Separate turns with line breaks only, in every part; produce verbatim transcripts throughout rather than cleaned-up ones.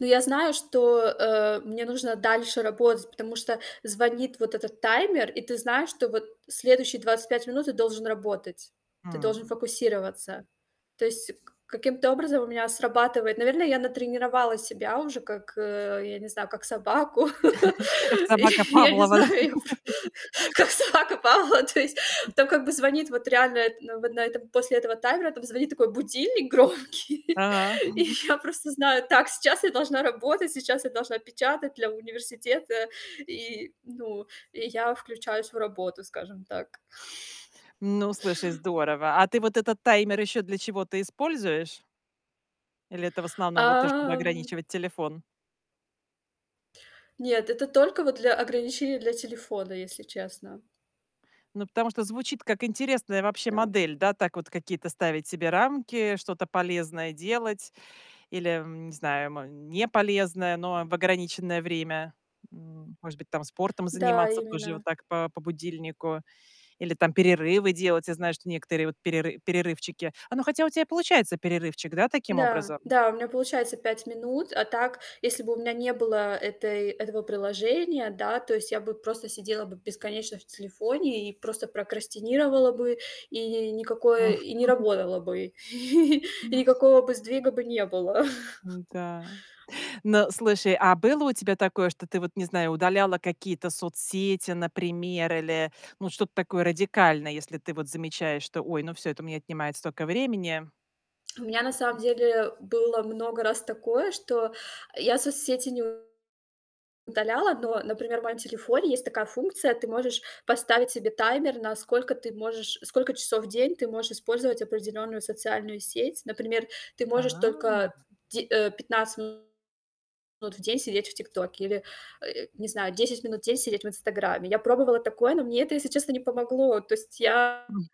Ну, я знаю, что, э, мне нужно дальше работать, потому что звонит вот этот таймер, и ты знаешь, что вот следующие двадцать пять минут ты должен работать, ты
Хм.
должен фокусироваться. То есть к каким-то образом у меня срабатывает Наверно, я натренировала себя уже как, э, я не знаю, как собаку.
Как
Я
собака
я не
Павлова, да?
знаю, я пр как собака Павлова. То есть там как бы звонит вот реально, ну вот на этом после этого таймера, там звонит такой будильник громкий,
А.
и я просто знаю: "Так, сейчас я должна работать, сейчас я должна печатать для университета. И, ну, и я включаюсь в работу, скажем так".
Ну, слушай, здорово. А ты вот этот таймер еще для чего-то используешь? Или это в
А,
основном вот то, чтобы
м
ограничивать телефон?
Нет, это только вот для ограничения, для телефона, если честно.
Ну, потому что звучит как интересная вообще
Да.
модель, да. Так вот какие-то ставить себе рамки, что-то полезное делать или, м, не знаю, мо неполезное, но в ограниченное время. М, может быть там спортом
Да,
заниматься тоже вот
именно.
так по по будильнику или там перерывы делать. Я знаю, что некоторые вот переры перерывчики Оно хотя у тя и получается перерывчик, да, таким
Н-да.
образом?
Да, у меня получается пять минут. А так, если бы у меня не было этой этого приложения, да, то есть я бы просто сидела бы бесконечно в телефоне и просто прокрастинировала бы и ни никакое и не работала бы, и никакого бы сдвига бы не было.
Н-да. Ну, слушай, а было у тебя такое, что ты вот, не знаю, удаляла какие-то соцсети, например, или, ну что-то такое радикальное, если ты вот замечаешь, что: "Ой, ну, всё, это у меня отнимает столько времени".
У меня на самом деле было много раз такое, что я соцсети не в удаляла, но, например, в моем телефоне есть такая функция: ты можешь поставить себе таймер, на сколько ты можешь сколько часов в день ты можешь использовать определенную социальную сеть. Например, ты
А.
можешь только де э, пятнадцать минут в день сидеть в "Тиктоке" или, э, не знаю, десять минут в день сидеть в "Инстаграмме". Я пробовала такое, но мне это, если честно, не помогло. То есть я
М.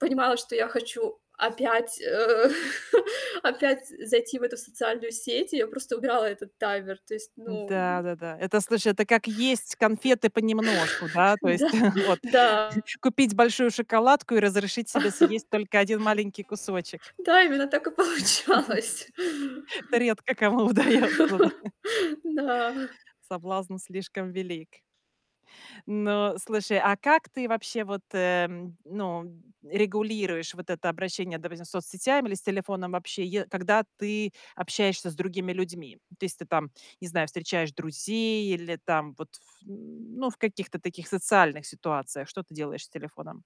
понимала, что я хочу опять, э, опять, э, зайти в эту социальную сеть, и я просто убирала этот таймер. То есть, ну
Н-да, да-да. Это, слушай, это как есть конфеты понемножку, да. То есть
Да,
вот:
да.
купить большую шоколадку и разрешить себе съесть только один маленький кусочек.
Да, именно так и получалось.
Это редко кому удается, да?
Н-да.
Соблазн слишком велик. Ну слушай, а как ты вообще вот, м, ну, регулируешь вот это обращение, допустим, с соцсетями или с телефоном вообще, е когда ты общаешься с другими людьми? То есть ты там, не знаю, встречаешь друзей или там вот ф ну в каких-то таких социальных ситуациях, что ты делаешь с телефоном?